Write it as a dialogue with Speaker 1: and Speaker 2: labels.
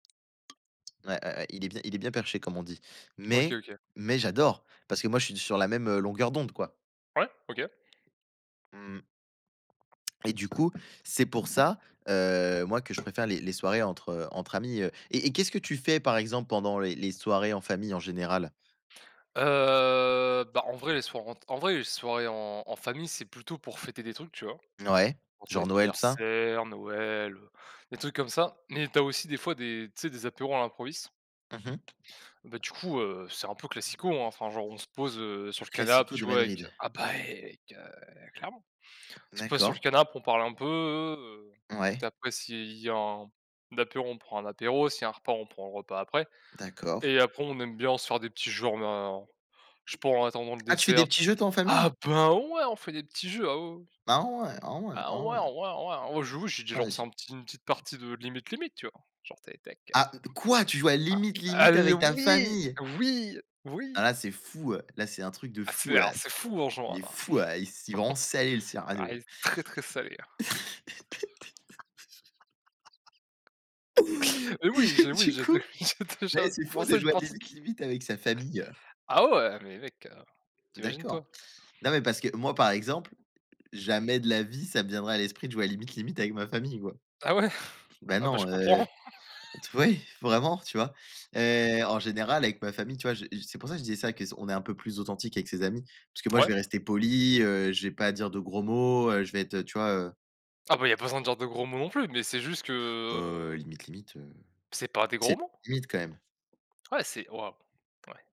Speaker 1: Ouais, ouais, ouais il est bien, il est bien il est bien perché comme on dit,
Speaker 2: OK
Speaker 1: mais
Speaker 2: OK.
Speaker 1: mais j'adore, parce que moi je suis sur la même, heu, longueur d'onde quoi.
Speaker 2: Ouais OK.
Speaker 1: Mmh mh. Et du coup, c'est pour ça, heu, moi que je préfère les les soirées entre heu, entre amis, heu. Et et qu'est-ce que tu fais par exemple pendant les les soirées en famille en général?
Speaker 2: Heu, bah, en vrai, les soirées en en vrai, les soirées en en famille, c'est plutôt pour fêter des trucs, tu vois?
Speaker 1: Ouais,
Speaker 2: Genre c'est
Speaker 1: genre Noël tout ça?
Speaker 2: l'anniversaire, Noël, heu, des trucs comme ça, mais tu as aussi des fois des tu sais des apéros à l'improviste.
Speaker 1: Mmh mh.
Speaker 2: Bah, du coup, heu, c'est un peu classico, enfin, genre on se pose, heu, sur
Speaker 1: Le
Speaker 2: le canap,
Speaker 1: classico de
Speaker 2: tu vois? Avec
Speaker 1: Madrid.
Speaker 2: ah bah et ec heu, clairement. On se pose sur le
Speaker 1: D'accord.
Speaker 2: canap, on parle un peu, heu, écoute,
Speaker 1: Ouais.
Speaker 2: après s'il y a un apéro, on prend un apéro, s'il y a un repas, on prend le repas après,
Speaker 1: D'accord.
Speaker 2: et après on aime bien se faire des petits jeux [unintelligible] je sais pas en attendant le
Speaker 1: Ah tu fais
Speaker 2: dessert,
Speaker 1: des
Speaker 2: tu
Speaker 1: petits
Speaker 2: v
Speaker 1: jeux toi en
Speaker 2: ah
Speaker 1: famille?
Speaker 2: ben ouais! On fait des petits jeux, ah oui, oui, oui,
Speaker 1: Ah ouais, ah ouais,
Speaker 2: ah
Speaker 1: ah ouais.
Speaker 2: ouais, ouais, ouais! On joue c'est du genre c'est
Speaker 1: [unintelligible]
Speaker 2: un petit une petite partie de Limite Limite tu vois? Genre t'es avec ta carte
Speaker 1: Ah! Quoi tu joues à Limite Limite
Speaker 2: Allez
Speaker 1: avec ta
Speaker 2: oui
Speaker 1: famille?
Speaker 2: oui
Speaker 1: Ah
Speaker 2: oui!
Speaker 1: là c'est fou! Heu, là c'est un truc de
Speaker 2: Ah
Speaker 1: fou
Speaker 2: c'est ah
Speaker 1: ouais!
Speaker 2: c'est fou en
Speaker 1: Il
Speaker 2: jouant
Speaker 1: est
Speaker 2: là!
Speaker 1: fou ouais, s c'est vraiment salé le
Speaker 2: Ah elle
Speaker 1: serrano.
Speaker 2: est très, très salée hein. Et oui, j'ai oui,
Speaker 1: Du
Speaker 2: j'ai d
Speaker 1: coup,
Speaker 2: j'ai
Speaker 1: beh
Speaker 2: déjà
Speaker 1: c'est fou
Speaker 2: commencé
Speaker 1: de
Speaker 2: une
Speaker 1: jouer à
Speaker 2: partie
Speaker 1: Limite Limite avec sa famille.
Speaker 2: Ah ouais mais mec, heu, tu imagines toi?
Speaker 1: D'accord, non mais parce que moi par exemple, jamais de la vie ça me viendrait à l'esprit de jouer à Limite Limite avec ma famille quoi.
Speaker 2: Ah ouais,
Speaker 1: Ben
Speaker 2: ah beh je
Speaker 1: non,
Speaker 2: comprends.
Speaker 1: heu, t oui vraiment tu vois? Heu, en général avec ma famille tu vois, je c'est pour ça que je disais ça qu'on est un peu plus authentique avec ses amis parce que moi je
Speaker 2: Ouais.
Speaker 1: vais rester poli, heu, je vais pas dire de gros mots, heu, je vais être tu vois, heu?
Speaker 2: Ah beh, Il y a pas besoin de dire de gros mots non plus, mais c'est juste que,
Speaker 1: Heu,
Speaker 2: heu
Speaker 1: Limite Limite, heu,
Speaker 2: c'est pas des gros
Speaker 1: c'est
Speaker 2: mots.
Speaker 1: limite quand même.
Speaker 2: Ouais, c'est waouh, ouais.